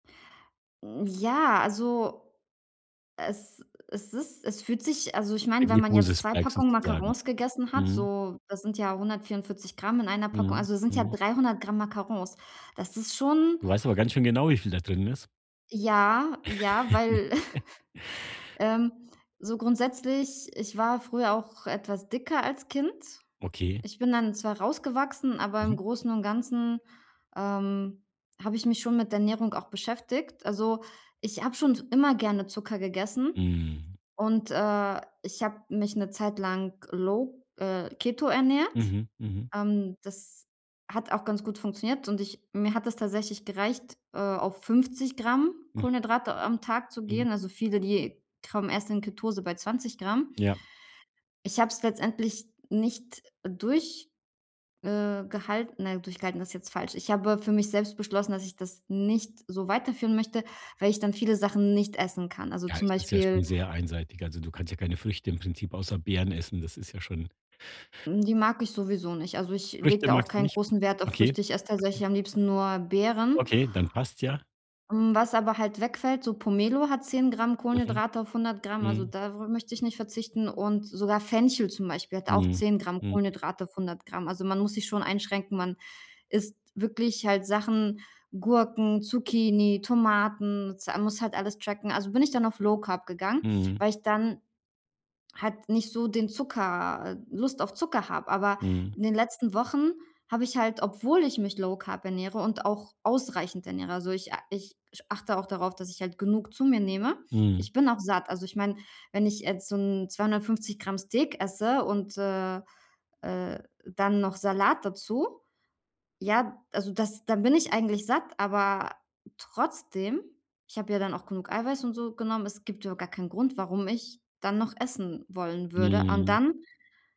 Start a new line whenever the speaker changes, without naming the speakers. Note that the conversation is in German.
Mhm, ja, also, es es ist es fühlt sich also, ich meine,
Ein
wenn man jetzt 2
Glucose-Spike
Packungen
sozusagen.
Macarons gegessen hat,
Mhm.
so, das sind ja 144 gr in einer Packung,
Mhm,
also, sind ja
mhm.
300 gr Macarons. Das ist schon
Du weißt aber ganz schön genau, wie viel da drin ist.
Ja. Ja, weil, ähm, so grundsätzlich ich war früher auch etwas dicker als Kind.
Okay.
Ich bin dann zwar rausgewachsen, aber im
Mhm.
Großen und Ganzen, ähm, habe ich mich schon mit Ernährung auch beschäftigt. Also, ich habe schon immer gerne Zucker gegessen
Mhm.
und, äh, ich habe mich 'ne Zeit lang low, äh, keto ernährt,
Mhm, mhm.
ähm, das hat auch ganz gut funktioniert und ich mir hat es tatsächlich gereicht, äh, auf 50 gr
Mhm.
Kohlenhydrate am Tag zu
Mhm.
gehen. Also, viele, die kommen erst in Ketose bei 20 gr.
Ja.
Ich habe es letztendlich nicht durch äh, gehalten. Nein, durchgehalten ist jetzt falsch. Ich habe für mich selbst beschlossen, dass ich das nicht so weiterführen möchte, weil ich dann viele Sachen nicht essen kann. Also
Ja,
zum
es ist ja schon
Beispiel
sehr einseitig. Also, du kannst ja keine Früchte im Prinzip außer Beeren essen, das ist ja schon
Hm, die mag ich sowieso nicht. Also, ich lege
Früchte
da auch
magst du
keinen
nicht?
großen Wert auf
Okay,
Früchte. Ich esse
okay.
tatsächlich am liebsten nur Beeren.
Okay, dann passt's ja.
Mhm, was aber halt wegfällt, so Pomelo hat 10 gr
Mhm,
Kohlenhydrate auf 100 gr, also,
mhm.
da wo möchte ich nicht verzichten und sogar Fenchel zum Beispiel hat auch
Mhm,
10 gr
mhm.
Kohlenhydrate auf 100 gr. Also, man muss sich schon einschränken, man isst wirklich halt Sachen, Gurken, Zucchini, Tomaten, Za muss halt alles tracken. Also bin ich dann auf Low Carb gegangen,
Mhm.
weil ich dann halt nicht so den Zucker äh, Lust auf Zucker habe. Aber
Mhm.
in den letzten Wochen habe ich halt, obwohl ich mich Low Carb ernähre und auch ausreichend ernähre also, ich a ich achte auch darauf, dass ich halt genug zu mir nehme.
Mhm.
Ich bin auch satt. Also, ich meine, wenn ich jetzt so 'n 250 gr Steak esse, und, äh, äh, dann noch Salat dazu, ja? Also das da bin ich eigentlich satt, aber trotzdem ich habe ja dann auch genug Eiweiß und so genommen, es gibt überhaupt gar keinen Grund, warum ich dann noch essen wollen würde. Und
Mhm.
dann